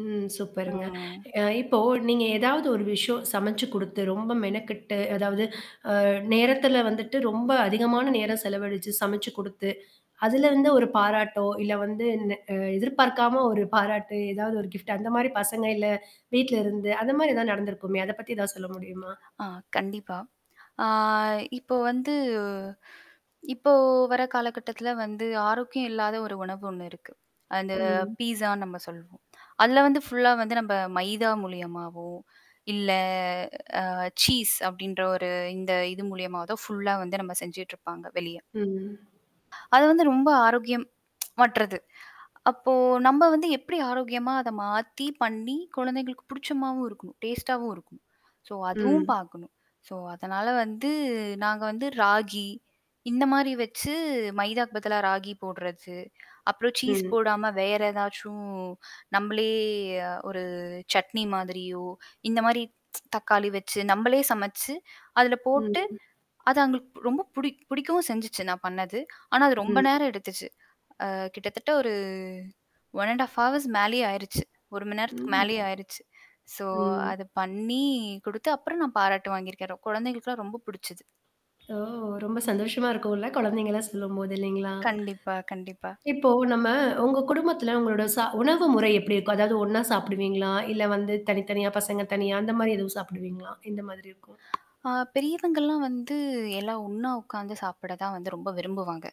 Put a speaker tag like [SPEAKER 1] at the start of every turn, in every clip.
[SPEAKER 1] ம்.
[SPEAKER 2] ஆ.
[SPEAKER 1] சூப்பருங்க. அ இப்போ நீங்க எதாவது ஒரு விஷயம் சமைச்சு கொடுத்து, ரொம்ப மெனக்கெட்டு அதாவது, அ நேரத்தில வந்துட்டு ரொம்ப அதிகமான நேரம் செலவழிச்சு சமைச்சு கொடுத்து, அதில வந்து ஒரு பாராட்டோ! இல்ல வந்து இந்த எதிர்பார்க்காம ஒரு பாராட்டு ஏதாவது ஒரு கிஃப்ட் அந்த மாதிரி பசங்க இல்ல வீட்ல இருந்து அந்தமாரி எதுனா நடந்திருக்குமே! அத பத்தி எதாவது சொல்ல முடியுமா?
[SPEAKER 2] ஆ, கண்டிப்பா. ஆ இப்போ வந்து இப்போ வர காலகட்டத்தில வந்து ஆரோக்கியம் இல்லாத ஒரு உணவு ஒண்ணு இருக்கு. அந்த
[SPEAKER 1] ம்.
[SPEAKER 2] பீஸான்னு நம்ம சொல்வோம். அதில வந்து ஃபுல்லா வந்து நம்ம மைதா மூலியமாவோ! இல்ல, அ சீஸ் அப்பிடின்ற ஒரு இந்த இது மூலியமாவதோ! ஃபுல்லா வந்து நம்ம செஞ்சுட்ருப்பாங்க, வெளிய.
[SPEAKER 1] ம்.
[SPEAKER 2] அது வந்து ரொம்ப ஆரோக்கியம் மற்றது. அப்போ நம்ம வந்து எப்பிடி ஆரோக்கியமா அத மாத்தி, பண்ணி குழந்தைங்களுக்கு பிடிச்ச மாதிரியும் இருக்கணும், டேஸ்ட்டாவும் இருக்கும். ஸோ அதுவும்
[SPEAKER 1] ம்.
[SPEAKER 2] பார்க்கணும் ஸோ அதனால வந்து, நாங்க வந்து ராகி இந்தமாரி வச்சு, மைதாக்கு பதிலா ராகி போடுறது, அப்புறம் சீஸ்
[SPEAKER 1] ம்.
[SPEAKER 2] போடாம வேற ஏதாச்சும் நம்மளே அ ஒரு சட்னி மாதிரியோ இந்த மாதிரி தக்காளி வச்சு நம்மளே சமைச்சு அதில போட்டு
[SPEAKER 1] ம்.
[SPEAKER 2] அது அவுங்களுக்கு ரொம்ப புடி புடிக்கவும் செஞ்சுச்சு. நான் பண்ணது. ஆனா, அது ரொம்ப
[SPEAKER 1] ம்.
[SPEAKER 2] நேரம் எடுத்துச்சு. அ கிட்டத்தட்ட ஒரு 1 1/2 ஹவர்ஸ் மேலேயே ஆயிடுச்சு 1 மணி நேரத்துக்கு
[SPEAKER 1] ம்.
[SPEAKER 2] மேலேயே ஆயிருச்சு. ஸோ
[SPEAKER 1] ம்.
[SPEAKER 2] அத பண்ணி கொடுத்து, அப்புறம் நான் பாராட்டு வாங்கியிருக்கேன். குழந்தைகளுக்கெல்லாம் ரொம்ப புடிச்சது.
[SPEAKER 1] ஓ! ரொம்ப சந்தோஷமா இருக்கும்ல. குழந்தைகள்லாம் சொல்லும்போது இல்லேங்களா!
[SPEAKER 2] கண்டிப்பா, கண்டிப்பா.
[SPEAKER 1] இப்போ நம்ம, உங்க குடும்பத்துல உங்களோட சா உணவு முறை எப்பிடி இருக்கும்? அதாவது ஒண்ணா சாப்பிடுவீங்களா? இல்ல வந்து தனித்தனியா, பசங்க தனியா அந்தமாரி எதுவும் சாப்பிடுவீங்களா? எந்தமாதிரி இருக்கும்?
[SPEAKER 2] அ பெரியவங்கள்லாம் வந்து எல்லா ஒண்ணா உட்காந்து சாப்பிட தான் வந்து ரொம்ப விரும்புவாங்க.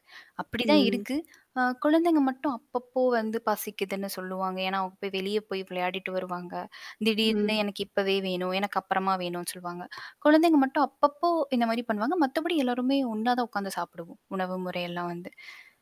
[SPEAKER 2] அப்பிடிதான்
[SPEAKER 1] ம்.
[SPEAKER 2] இருக்கு. அ குழந்தைங்க மட்டும் அப்பப்போ வந்து பசிக்குதுன்னு சொல்லுவாங்க. ஏன்னா, அவுங்க போய் வெளிய போய் விளையாடிட்டு வருவாங்க. திடீர்னு எனக்கு
[SPEAKER 1] ம்.
[SPEAKER 2] இப்பவே வேணும். எனக்கு அப்பறமா வேணும்ன்னு சொல்லுவாங்க. குழந்தைங்க மட்டும் அப்பப்போ இந்தமாரி பண்ணுவாங்க. மத்தபடி எல்லோருமே ஒண்ணா தான் உட்காந்து சாப்பிடுவோம், உணவு முறையெல்லாம் வந்து.